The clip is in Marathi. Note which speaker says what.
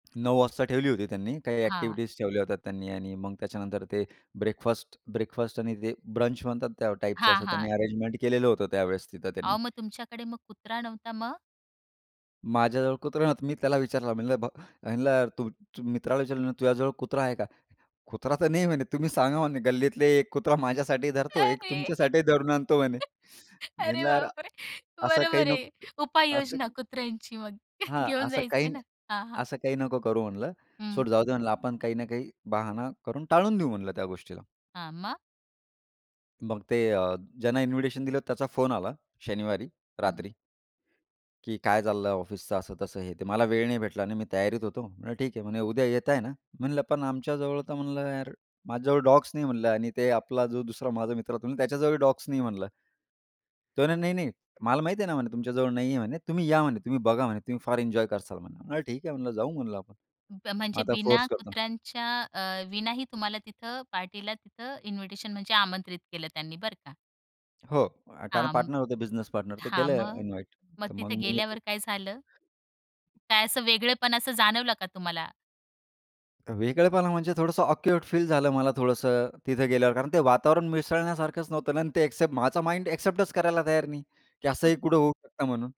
Speaker 1: 9:00 वाजता ठेवली होती त्यांनी. काही
Speaker 2: हां.
Speaker 1: अ‍ॅक्टिव्हिटीज ठेवल्या होत्या त्यांनी आणि मग त्याच्यानंतर ते ब्रेकफास्ट, ब्रेकफास्ट आणि ते ब्रंच म्हणतात त्या टाइपचं
Speaker 2: हां,
Speaker 1: असं त्यांनी
Speaker 2: हां.
Speaker 1: अरेंजमेंट केलेलं होतं त्यावेळेस तिथं त्यांनी.
Speaker 2: अहो, मग तुमच्याकडे मग कुत्रा नव्हता. मग?
Speaker 1: माझ्याजवळ कुत्रा नव्हता, तर मी त्याला विचारलं म्हणलं ब म्हणलं तू, तू मित्राला विचारलं, "तुझ्याजवळ कुत्रा आहे का?" "कुत्रा तर नाही म्हणे." तुम्ही सांगा म्हणे, "गल्लीतले 1 कुत्रा माझ्यासाठी धरतो, 1
Speaker 2: अरे!
Speaker 1: तुमच्यासाठी धरून आणतो म्हणे."
Speaker 2: अरे,
Speaker 1: म्हटलं, "यार
Speaker 2: बापरे!
Speaker 1: असं काही
Speaker 2: बरोबर आहे
Speaker 1: नको
Speaker 2: उपाय योजना
Speaker 1: असं."
Speaker 2: कुत्र्यांची मग
Speaker 1: हां,
Speaker 2: घेऊन
Speaker 1: "असं काही
Speaker 2: जायचंय
Speaker 1: नाही
Speaker 2: ना. हां, हां.
Speaker 1: असं काही नको करू म्हणलं,
Speaker 2: हं.
Speaker 1: सोड जाऊ दे म्हणलं. आपण काही ना काही बहाणा करून टाळून देऊ म्हणलं त्या गोष्टीला."
Speaker 2: हां. मग?
Speaker 1: मग ते अ, ज्यांना इन्व्हिटेशन दिलं, त्याचा फोन आला शनिवारी
Speaker 2: हं.
Speaker 1: रात्री की, "काय चाललं ऑफिसच, असं-तसं हे ते मला वेळ नाही भेटला आणि मी तयारीत होतो." म्हणलं, "ठीक आहे." म्हणे, "उद्या येताय ना." म्हणलं, "पण आमच्या जवळ तर म्हणलं, यार माझ्याजवळ डॉग्स नाही." म्हणलं, "आणि ते आपला जो दुसरा माझा मित्र होतो, त्याच्या जवळही डॉग्स नाही." म्हणलं. तो म्हणे, "नाही, नाही. मला माहिती आहे ना म्हणे तुमच्या जवळ नाहीये म्हणे, तुम्ही या म्हणे, तुम्ही बघा म्हणे तुम्ही फार एन्जॉय कराल म्हणे." ठीक आहे म्हणलं, "जाऊ म्हणलं आपण." मग
Speaker 2: म्हणजे
Speaker 1: आता
Speaker 2: बिना
Speaker 1: फोर्स करतो.
Speaker 2: कुत्र्यांच्या अ, विनाही तुम्हाला तिथं पार्टीला तिथं इन्व्हिटेशन म्हणजे आमंत्रित केलं त्यांनी बरं का.
Speaker 1: हो, अ, कारण
Speaker 2: हां म
Speaker 1: पार्टनर होते, बिझनेस पार्टनर ते
Speaker 2: हां,
Speaker 1: केलं
Speaker 2: मग,
Speaker 1: इन्व्हाईट
Speaker 2: मग
Speaker 1: तर मग
Speaker 2: तिथे
Speaker 1: मी
Speaker 2: गेल्यावर काय झालं? काय असं वेगळेपण असं जाणवलं का तुम्हाला?
Speaker 1: वेगळेपणा म्हणजे थोडसं ऑकवर्ड फील झालं मला थोडसं तिथे गेल्यावर. कारण ते वातावरण मिसळण्यासारखच नव्हतं ना आणि ते अ‍ॅक्सेप्ट माझा माइंड अ‍ॅक्सेप्टच करायला तयार नाही की
Speaker 2: कुत
Speaker 1: असंही कुठे होऊ शकतं म्हणून.